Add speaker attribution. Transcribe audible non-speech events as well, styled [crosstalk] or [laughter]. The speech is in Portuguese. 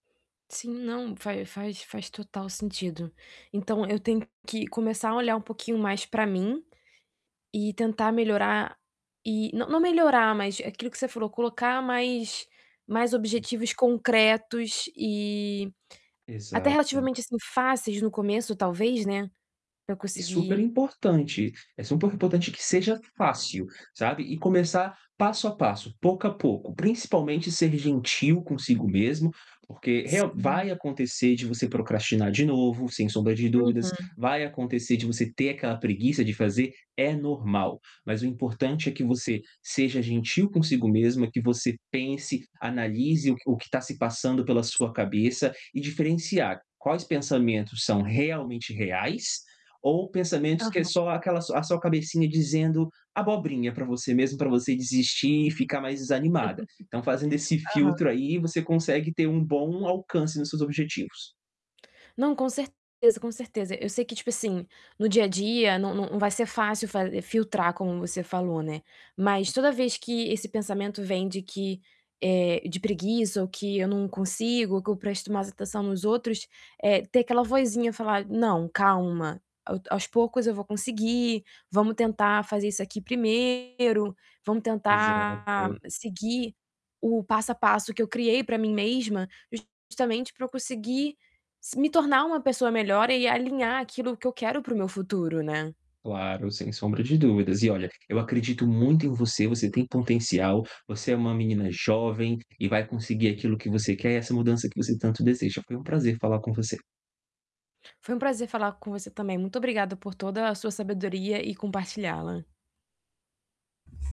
Speaker 1: Sim, não, faz faz faz total sentido. Então, eu tenho que começar a olhar um pouquinho mais para mim, e tentar melhorar e não não melhorar, mas aquilo que você falou, colocar mais mais objetivos concretos e até
Speaker 2: Exato.
Speaker 1: relativamente assim fáceis no começo, talvez, né, para eu
Speaker 2: E super
Speaker 1: conseguir
Speaker 2: importante, é super importante que seja fácil, sabe, e começar passo a passo, pouco a pouco, principalmente ser gentil consigo mesmo, porque real
Speaker 1: Sim.
Speaker 2: vai acontecer de você procrastinar de novo, sem sombra de dúvidas,
Speaker 1: Uhum.
Speaker 2: vai acontecer de você ter aquela preguiça de fazer, é normal. Mas o importante é que você seja gentil consigo mesma, que você pense, analise o que o que está se passando pela sua cabeça e diferenciar quais pensamentos são realmente reais, ou pensamentos que é
Speaker 1: Aham.
Speaker 2: só aquela su a a sua cabecinha dizendo abobrinha para você mesmo para você desistir e ficar mais desanimada. Então, fazendo esse
Speaker 1: [laughs] Aham.
Speaker 2: filtro aí, você consegue ter um bom alcance nos seus objetivos.
Speaker 1: Não, com certeza, com certeza. Eu sei que, tipo assim, no dia a dia não não não vai ser fácil fa filtrar como você falou, né, mas toda vez que esse pensamento vem de que, eh, de preguiça ou que eu não consigo ou que eu presto mais atenção nos outros, eh, ter aquela vozinha falar: "Não, calma, ao aos poucos eu vou conseguir. Vamos tentar fazer isso aqui primeiro vamos tentar
Speaker 2: Exato.
Speaker 1: seguir o passo a passo que eu criei para mim mesma, justamente para eu conseguir s me tornar uma pessoa melhor e alinhar aquilo que eu quero para o meu futuro", né?
Speaker 2: Claro, sem sombra de dúvidas e olha, eu acredito muito em você, você tem potencial, você é uma menina jovem, e vai conseguir aquilo que você quer e essa mudança que você tanto deseja. Foi um prazer falar com você.
Speaker 1: Foi um prazer falar com você também, muito obrigada por toda a sua sabedoria e compartilhá-la.